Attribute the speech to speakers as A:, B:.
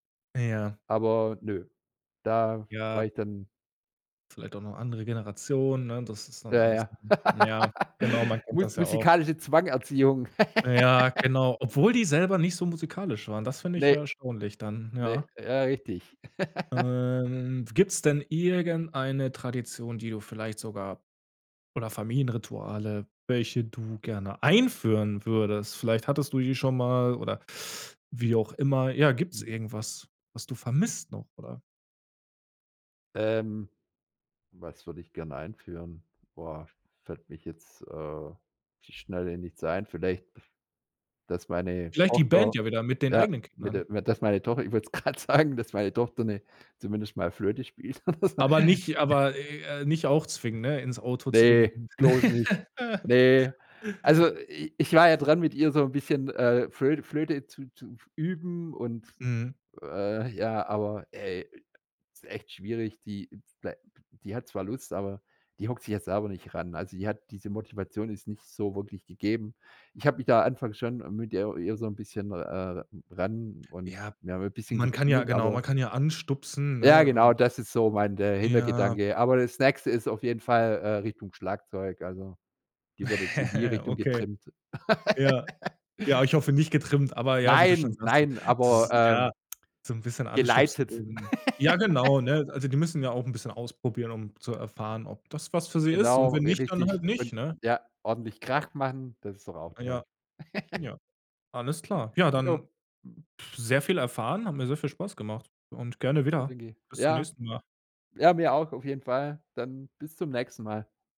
A: Ja.
B: Aber, nö. Da war
A: Ja.
B: ich dann
A: Vielleicht auch noch andere Generation, ne? Das ist dann
B: Ja,
A: anders.
B: ja.
A: Mhm. Ja, genau. Man kennt
B: Musi
A: das ja auch.
B: Musikalische Zwang Erziehung.
A: Ja, genau, obwohl die selber nicht so musikalisch waren. Das finde ich
B: Ne.
A: ja erstaunlich dann,
B: Ne.
A: ja.
B: Ja, richtig.
A: Ähm, gibt's denn irgendeine Tradition, die du vielleicht sogar oder Familienrituale, welche du gerne einführen würdest? Vielleicht hattest du die schon mal oder wie auch immer. Ja, gibt's
B: Mhm.
A: irgendwas, was du vermisst noch oder?
B: Ähm, was würde ich gerne einführen? Boah. Fällt mich jetzt, äh, auf die Schnelle nichts ein. Vielleicht, dass meine
A: Vielleicht die
B: Tochter
A: Band ja wieder mit den
B: ja,
A: eigenen
B: mit
A: Kindern.
B: der mit d dass meine Tochter ich wollte es gerade sagen, dass meine Tochter 'ne zumindest mal Flöte spielt oder so.
A: Aber nicht aber, äh, nicht auch zwingen, ne? Ins Auto
B: Ne,
A: zwingen.
B: bloß nicht. Ne. Also i ich war ja dran, mit ihr so 'n bisschen, äh, Flöte Flöte zu zu f üben und,
A: Mhm.
B: äh, ja aber, ey, ist echt schwierig, die blei die hat zwar Lust, aber die hockt sich ja selber nicht ran. Also, die hat diese Motivation ist nicht so wirklich gegeben. Ich hab mich da anfangs schon mit ihr ihr so 'n bisschen, äh, ran und
A: Ja.
B: wir haben 'n bisschen
A: Man kann ja
B: gespielt,
A: genau,
B: aber
A: man kann ja anstupsen,
B: Ja
A: ne?
B: genau,
A: Ähm
B: das ist so mein der
A: Ja.
B: Hintergedanke. Aber das Nächste ist auf jeden Fall, äh, Richtung Schlagzeug. Also, die wird jetzt in die Richtung
A: Okay.
B: getrimmt.
A: Ja. Ja, ich hoffe nicht getrimmt. Aber ja, wie du schon
B: Nein,
A: sagtest.
B: nein,
A: Das
B: aber,
A: ist ja
B: ähm,
A: so 'n bisschen anstupsen,
B: geleitet.
A: um ja, genau, ne? Also, die müssen ja auch 'n bisschen ausprobieren, um zu erfahren, ob das was für sie ist und
B: Genau,
A: wenn nicht, dann
B: richtig.
A: halt nicht,
B: Und,
A: ne?
B: ja, ordentlich
A: Ja.
B: Krach machen. Das ist doch auch
A: Ah, ja.
B: toll.
A: Ja. Alles klar. Ja, dann
B: Jo.
A: sehr viel erfahren, hat mir sehr viel Spaß gemacht und gerne
B: Ja,
A: wieder.
B: danke.
A: Bis zum
B: Ja.
A: nächsten Mal.
B: Ja, mir auch, auf jeden Fall. Dann bis zum nächsten Mal.